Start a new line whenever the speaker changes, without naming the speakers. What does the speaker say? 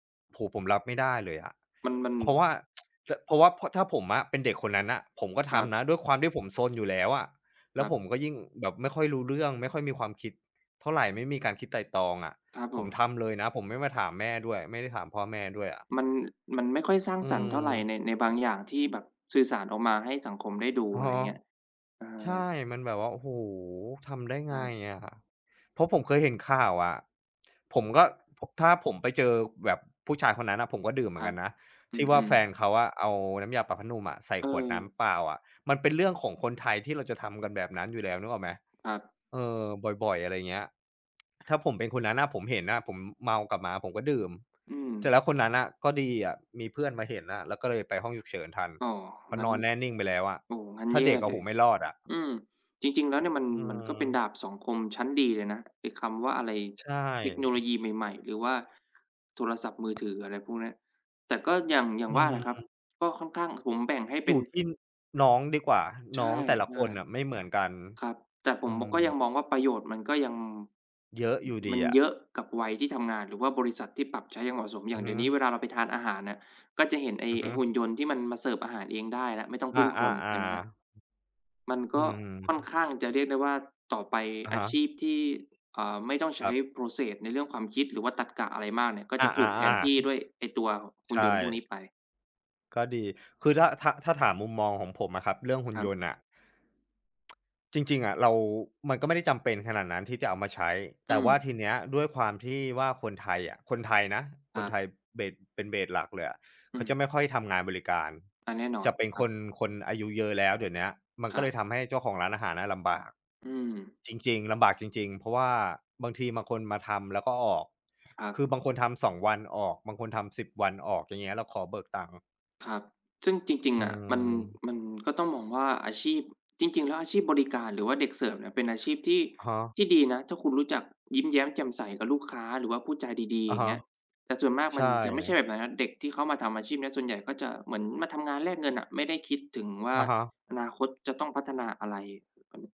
โอ้โฮ ผมรับไม่ได้เลยอะ
มัน
เพร
ๆ
าะว่า จ เพราะว่า พ ถ้าผมอะเป็นเด็กคนนั้นน่ะ ผมก็
ค
ท
รับ
ำนะ ด้วยความที่ผมซนอยู่แล้วอะ แล
ค
้วผ
รับ
มก็ยิ่งแบบไม่ค่อยรู้เรื่องไม่ค่อยมีความคิดเท่าไร ไม่มีการคิดไตร่ตรองอะ
ครับผ
ผม
ม
ทำเลยนะ ผมไม่มาถามแม่ด้วย ไม่ได้ถามพ่อแม่ด้วยอะ
มัน มันไม่ค่อยสร้าง
อื
สรรค์เท่าไร
ม
ใน ในบางอย่างที่แบบสื่อสารออกมาให้สังคมได้ดู
อ๋อ
อะไรเงี้ย เอ
ใช
อ
่มันแบบว่า โอ้โฮ ทำได้ไ
ค
ง
รับ
อะ เพราะผมเคยเห็นข่าวอะ ผมก็ ถ้าผมไปเจอแบบผู้ชายคนนั้นน่ะผมก็ดื่มเห
ค
มือ
ร
นก
ั
ั
บ
นนะ
อ
ที่ว่า
ืม
แฟ
ๆ
นเขาอะเอาน้ำยาปรับผ้านุ่มอะใส่ขวดน้
เออ
ำเปล่าอะ มันเป็นเรื่องของคนไทยที่เราจะทำกันแบบนั้นอยู่แล้ว นึกออกไหม?
ครับ
เออ บ่อย ๆ อะไรเงี้ย ถ้าผมเป็นคนนั้นน่ะ ผมเห็นน่ะ ผมเมากลับมาผมก็ดื่ม
อืม
เสร็จแล้วคนนั้นน่ะก็ดีอะ มีเพื่อนมาเห็นน่ะ แล้วก็เลยไปห้องฉุกเฉินทัน
อ๋อ
เพราะ
งั
น
้น
อนแน่นิ่งไปแล้วอะ
โอ้ งั้น
ถ้า
แย
เด
่
็กอะ โ
เ
อ
ล
้โฮ
ย
ไม่รอดอะ
อืม จริง ๆ แล้วเนี่ยมัน
อื
มันก็เป็น
ม
ดาบสองคมชั้นดีเลยนะ ไอ้คำว่าอะไร
ใช
เทคโนโล
่
ยีใหม่ ๆ หรือว่าโทรศัพท์มือถือ อะไรพวกเนี้ย แต่ก็อย่าง อย่า
อื
งว่าแหละครับ
ม
ก็ค่อนข้าง ผมแบ่งให้เป
อย
็น
ู่ที่น้องดีกว่า
ใช
น้อ
่
งแต่ละคนน่ะไม่เหมือนกัน
ๆ ครับ แต่ผ
อ
ม
ื
บ ก็ยัง
ม
มองว่า ประโยชน์มันก็ยัง
เยอะอยู่ด
ม
ี
ัน
อ
เย
ะ
อะกับวัยที่ทำงาน หรือว่าบริษัทที่ปรับใช้อย่างเหมาะสม อย
อ
่
ื
าง
อ
เ
ฮ
ดี
ึ
๋ยวนี้เวลาเราไปทานอาหารน่ะ ก็จะเห็นไ
อือฮ
อ้ ๆ หุ่น
ึ
ยนต์ที่มันมาเสิร์ฟอาหารเองได้แล้ว ไม่ต้อง
อ
พึ
า
่งคนเห็นไหมครับ?
ๆ ๆ
มันก
อื
็ค่
ม
อนข้างจะเรียกได้ว่า ต่อไป
อะ
อ
ฮ
าช
ะ
ีพที่ เอ่อ ไม่ต้องใช
ค
้
รับ
Process ในเรื่องความคิด หรือว่าตรรกะอะไรมากเนี่ย ก็
อ
จ
า
ะถูกแทนที่ด
ๆ
้วยไอ้ตัว
ๆ
ห
ใ
ุ
ช
่นยนต์พวกนี
่
้ไป
ก็ดี คือถ้า ๆ ๆ ถามมุมมองของผมอะครับ เรื่องหุ่
ค
น
รั
ย
บ
นต์น่ะ จริง ๆ อะ เรา มันก็ไม่ได้จำเป็นขนาดนั้นที่จะเอามาใช้
อื
แต่ว่า
ม
ทีเนี้ยด้วยความที่ว่าคนไทยอะ คนไทยนะ
ค
ค
รั
นไท
บ
ย เบส เป็น เบส หลักเลยอะ
อ
เ
ื
ขาจ
ม
ะไม่ค่อยทำงานบริการ
อะแน่นอ
จ
น
ะเป็น
ครั
ค
บ
น คนอายุเยอะแล้วเดี๋ยวเนี้ย มัน
ค
ก
ร
็
ั
เล
บ
ยทำให้เจ้าของร้านอาหารน่ะลำบาก
อืม
จริง ๆ ลำบากจริง ๆ เพราะว่าบางทีบางคนมาทำแล้วก็ออก
ครั
ค
บ
ือบางคนทำ 2 วันออก บางคนทำ 10 วันออกอย่างเงี้ย แล้วขอเบิกตังค์
ครับ ซึ่งจริง
อื
ๆ อะ มัน
ม
มันก็ต้องมองว่าอาชีพ จริง ๆ แล้ว อาชีพบริการ หรือว่าเด็กเสิร์ฟเนี่ย เป็นอาชีพที่
อะฮะ
ที่ดีนะ ถ้าคุณรู้จักยิ้มแย้มแจ่มใสกับลูกค้า หรือว่าพูดจาดี ๆ
อ
อ
ะ
ย่า
ฮ
งเ
ะ
งี้ย แต่ส่วนมาก
ใ
ม
ช
ันจะไม่ใช่
่
แบบนั้นนะ เด็กที่เข้ามาทำอาชีพเนี้ย ส่วนใหญ่ก็จะเหมือนมาทำงานแลกเงินน่ะ ไม่ได้คิดถึงว่า
อะฮะ
อนาคตจะต้องพัฒนาอะไร?